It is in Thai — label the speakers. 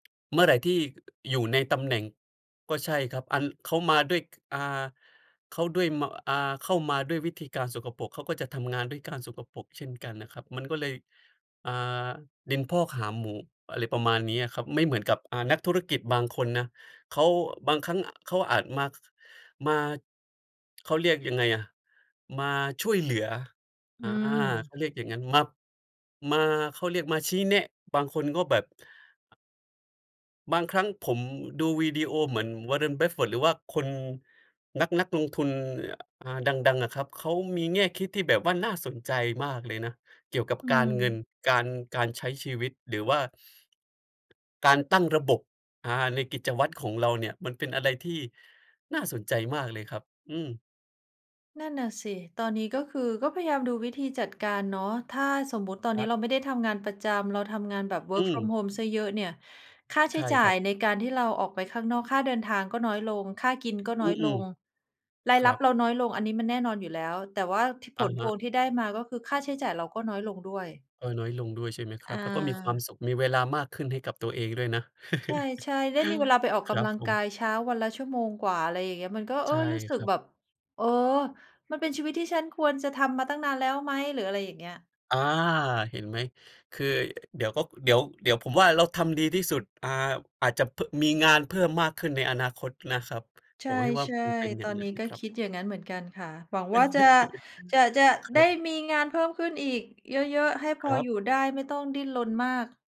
Speaker 1: เมื่อไหร่ที่ อยู่ในตำแหน่ง ก็ใช่ครับ อัน เขามาด้วย ก อา เขาด้วยมา อ่า เข้ามาด้วยวิธีการสกปรก เขาก็จะทำงานด้วยการสกปรกเช่นกันนะครับ มันก็เลย อ่า ดินพอกหางหมู อะไรประมาณเนี้ยอะครับ ไม่เหมือนกับ อ่า นักธุรกิจบางคนนะ เขา บางครั้งอะเขาอาจมา ค มา เขาเรียกยังไงอะ มาช่วยเหลือ อ
Speaker 2: อื
Speaker 1: ่า เข
Speaker 2: ม
Speaker 1: าเรียกอย่างงั้น มา มา เขาเรียกมาชี้แนะ บางคนก็แบบ บางครั้งผมดูวีดีโอเหมือน Warren Buffett หรือว่าคน นัก นักลงทุน อ อา ดัง ๆ อะครับ เขามีแง่คิดที่แบบว่าน่าสนใจมากเลยนะเกี่ยวกับ
Speaker 2: อื
Speaker 1: การ
Speaker 2: ม
Speaker 1: เงิน การ การใช้ชีวิต หรือว่า การตั้งระบบ อา ในกิจวัตรของเราเนี่ย มันเป็นอะไรที่น่าสนใจมากเลยครับ อืม
Speaker 2: นั่นน่ะสิ ตอนนี้ก็คือก็พยายามดูวิธีจัดการเนาะ ถ้าสมมุติตอน
Speaker 1: ค
Speaker 2: นี
Speaker 1: ร
Speaker 2: ้
Speaker 1: ับ
Speaker 2: เราไม่ได้ทำงานประจำเราทำงานแบบ
Speaker 1: อ
Speaker 2: Work
Speaker 1: ื
Speaker 2: from
Speaker 1: ม
Speaker 2: home เสียเยอะเนี่ย ค่าใ
Speaker 1: ใ
Speaker 2: ช
Speaker 1: ช
Speaker 2: ้
Speaker 1: ่
Speaker 2: จ่
Speaker 1: คร
Speaker 2: า
Speaker 1: ั
Speaker 2: ย
Speaker 1: บ
Speaker 2: ในการที่เราออกไปข้างนอก ค่าเดินทางก็น้อยลง ค่ากินก็น
Speaker 1: อ
Speaker 2: ้
Speaker 1: ื
Speaker 2: อยล
Speaker 1: อ
Speaker 2: ง รา
Speaker 1: ๆ ค
Speaker 2: ย
Speaker 1: ร
Speaker 2: รั
Speaker 1: ั
Speaker 2: บ
Speaker 1: บ
Speaker 2: เราน้อยลงอันนี้มันแน่นอนอยู่แล้ว แต่ว่า ท ผ
Speaker 1: อะ
Speaker 2: ล
Speaker 1: ฮ
Speaker 2: พ
Speaker 1: ะ
Speaker 2: วงที่ได้มา ก็คือค่าใช้จ่ายเราก็น้อยลงด้วย
Speaker 1: เออ น้อยลงด้วยใช่ไหมคร
Speaker 2: อ
Speaker 1: ับ แล้วก็มีความ
Speaker 2: า
Speaker 1: สุข มีเวลามากขึ้นให้กับตัวเองด้วยนะ
Speaker 2: ใช่ ๆ ได้มีเวลาไปออก
Speaker 1: ค
Speaker 2: ก
Speaker 1: รับ
Speaker 2: ำลัง
Speaker 1: ผ
Speaker 2: กา
Speaker 1: ม
Speaker 2: ยเช้า วันละชั่วโมงกว่า อะไรอย่างเงี้ย มันก็ เ
Speaker 1: ใ
Speaker 2: อ
Speaker 1: ช
Speaker 2: อ
Speaker 1: ่
Speaker 2: รู้สึ
Speaker 1: ค
Speaker 2: ก
Speaker 1: รับ
Speaker 2: แบบ เออ มันเป็นชีวิตที่ฉันควรจะทำมาตั้งนานแล้วไหม หรืออะไรอย่างเงี้ย
Speaker 1: อา เห็นไหม คือเดี๋ยวก็ เดี๋ยว เดี๋ยวผมว่า เราทำดีที่สุด อา อาจจะเพิ่ม มีงานเพิ่มมากขึ้นในอนาคตนะครับ
Speaker 2: ใช
Speaker 1: ผมให้ว่า
Speaker 2: ่
Speaker 1: มันเป็นอย
Speaker 2: ๆ
Speaker 1: ่
Speaker 2: ต
Speaker 1: า
Speaker 2: อ
Speaker 1: ง
Speaker 2: น
Speaker 1: งั้
Speaker 2: นี
Speaker 1: น
Speaker 2: ้
Speaker 1: นะ
Speaker 2: ก็
Speaker 1: ครั
Speaker 2: ค
Speaker 1: บ
Speaker 2: ิดอย่างงั้นเหมือนกันค่ะ หวังว่าจะ จะ จะ
Speaker 1: ค
Speaker 2: ไ
Speaker 1: ร
Speaker 2: ด
Speaker 1: ั
Speaker 2: ้
Speaker 1: บ
Speaker 2: มีงานเพิ่มขึ้นอีกเยอะ ๆ ให้พ
Speaker 1: ค
Speaker 2: อ
Speaker 1: รับ
Speaker 2: อยู่ได้ไม่ต้องดิ้นรนมาก